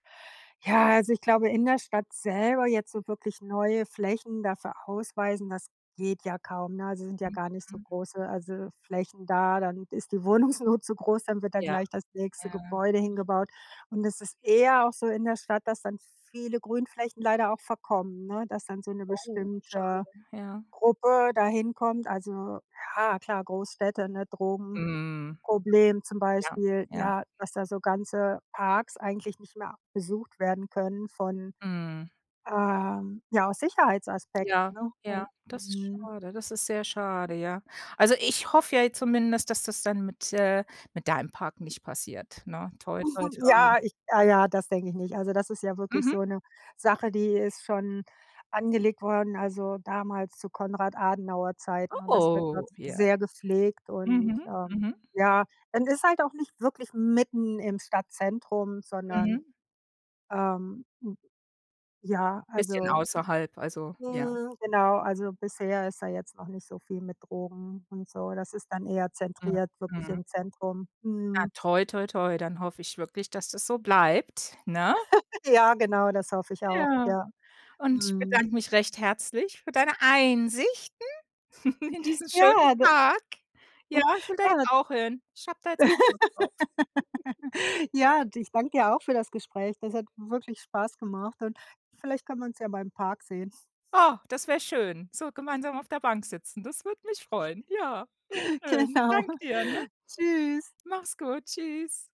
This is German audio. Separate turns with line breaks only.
Ja, also, ich glaube, in der Stadt selber jetzt so wirklich neue Flächen dafür ausweisen, das geht ja kaum, ne? Also, sind ja gar nicht so
Mhm.
große, also, Flächen da. Dann ist die Wohnungsnot zu groß, dann wird dann
Ja.
gleich das
Ja,
nächste
ja.
Gebäude hingebaut. Und es ist eher auch so in der Stadt, dass dann viele Grünflächen leider auch verkommen, ne, dass dann so 'ne
Oh, schade.
bestimmte
Ja.
Gruppe da hinkommt. Also, ja klar. Großstädte, ne,
Mhm.
Drogenproblem zum
Ja,
Beispiel,
ja.
ja, dass da so ganze Parks, eigentlich nicht mehr besucht werden können von
Mhm.
ähm, ja, aus Sicherheitsaspekten,
Ja,
ne?
ja.
Und
Das ist
mhm.
schade das ist sehr schade, ja. Also, ich hoffe ja zumindest, dass das dann mit äh, mit deinem Park nicht passiert, ne. Toi, toi, toi.
Ja, ich ah ja, das denke ich nicht. Also, das ist ja wirklich
Mhm.
so 'ne Sache, die ist schon, angelegt worden, also, damals zu Konrad Adenauer Zeiten und das wird dort,
Oh, ja.
sehr gepflegt und
Mhm,
ähm,
mhm.
ja und ist halt auch nicht wirklich mitten im Stadtzentrum, sondern,
Mhm.
ähm, m ja,
Bisschen
also
außerhalb, also, ja?
hm, genau. Also, bisher ist da jetzt noch nicht so viel mit Drogen und so, das ist dann eher
Mhm,
zentriert, wirklich
mhm.
im Zentrum,
Na,
mhm.
toi, toi, toi, dann hoffe ich wirklich, dass das so bleibt, ne?
Ja, genau, das hoffe ich auch,
Ja.
ja.
Und ich
Mhm.
bedanke mich recht herzlich für deine Einsichten, in diesen schönen
Ja, d
Tag. Ja, ich will da
Ja,
jetzt
na
auch hin. Ich habe da jetzt auch Lust drauf.
Ja, d ich danke dir auch für das Gespräch. Das hat wirklich, Spaß gemacht und vielleicht können wir uns ja mal im Park sehen?
Oh, das wäre schön, so gemeinsam auf der Bank sitzen. Das würde mich freuen. Ja, wäre schön.
Genau.
Danke dir, ne?
Tschüss.
Mach's gut, tschüss!